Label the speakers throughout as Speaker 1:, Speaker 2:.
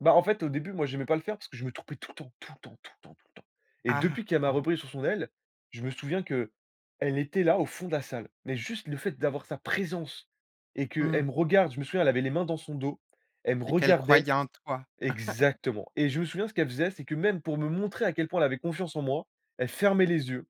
Speaker 1: Bah, en fait, au début, moi, j'aimais pas le faire parce que je me trompais tout le temps, tout le temps, tout le temps, tout le temps et
Speaker 2: Ah,
Speaker 1: depuis qu'elle m'a
Speaker 2: ah, ouais.
Speaker 1: repris sous son aile, je me souviens qu'elle était là, au fond de la salle, mais juste le fait d'avoir sa présence et qu'elle
Speaker 2: Mmh.
Speaker 1: me regarde. Je me souviens, elle avait les mains dans son dos. Elle me
Speaker 2: Et qu'elle
Speaker 1: regardait
Speaker 2: croyait en toi.
Speaker 1: exactement et je me souviens ce qu'elle faisait, c'est que, même, pour me montrer à quel point elle avait confiance en moi, elle fermait les yeux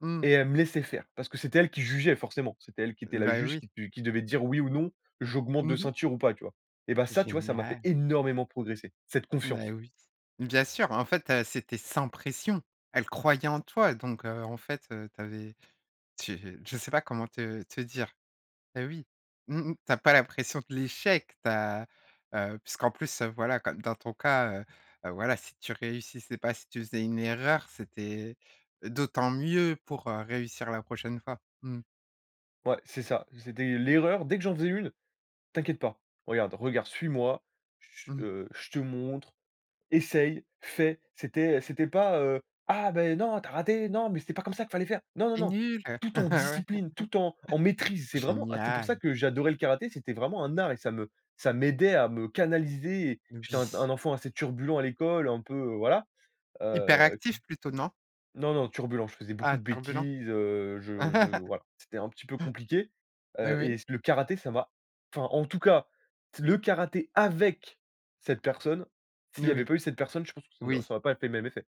Speaker 2: Mmh.
Speaker 1: et elle me laissait faire parce que c'était elle qui
Speaker 2: J
Speaker 1: jugeait, forcément. C'était elle qui était la
Speaker 2: Bah,
Speaker 1: juge
Speaker 2: oui.
Speaker 1: qui du qui devait dire: «Oui ou non, j'augmente de
Speaker 2: Mmh mh.
Speaker 1: ceinture ou pas», tu vois? Eh, bah, ça, tu vois? Ça m'a fait
Speaker 2: Génial.
Speaker 1: énormément progresser, cette
Speaker 2: Ben,
Speaker 1: confiance.
Speaker 2: oui. Bien sûr, en fait, heu, c'était sans pression. Elle croyait en toi donc heu, en fait, heu, tu avais tu je sais pas comment te te dire. Eh, oui, mmh mh, tu as pas la pression de l'échec. Tu as heu, puisqu'en plus, heu, voilà, comme dans ton cas, heu, voilà, si tu réussissais pas, si tu faisais une erreur, c'était d'autant mieux pour, heu, réussir la prochaine fois. Mmh.
Speaker 1: Ouais, c'est ça. C'était l'erreur. Dès que j'en faisais une: «T'inquiète pas, regarde, regarde, suis-moi, j j
Speaker 2: Mmh.
Speaker 1: heu, je te montre, essaye, fais». C'était c'était pas, heu: «Ah, bah, non, tu as raté. Non mais c'était pas comme ça qu'il fallait faire!». Non, non,
Speaker 2: «Tu es
Speaker 1: non,
Speaker 2: nul!».
Speaker 1: tout en
Speaker 2: Ouais.
Speaker 1: discipline, tout en en maitrise. C'est vraiment pour ça
Speaker 2: Génial!
Speaker 1: que j'adorais le karaté, c'était vraiment un art et ça me ça m'aidait à me canaliser et j'étais un un
Speaker 2: Oui.
Speaker 1: enfant assez turbulent à l'école, un peu, heu, voilà, heu, qui
Speaker 2: Hyperactif, plutôt, non? Mmh.
Speaker 1: non, non, turbulent. Je faisais
Speaker 2: Ah,
Speaker 1: beaucoup de
Speaker 2: turbulent?
Speaker 1: bêtises, heu, je je voilà. C'était un petit peu compliqué,
Speaker 2: Oui,
Speaker 1: heu, et
Speaker 2: oui.
Speaker 1: c le karaté, ça m'a enfin, en tout cas, le karaté avec cette personne, s'il
Speaker 2: N
Speaker 1: y avait
Speaker 2: oui.
Speaker 1: pas eu cette personne, je pense que ça n'au
Speaker 2: Oui.
Speaker 1: ça aurait pas été le même effet.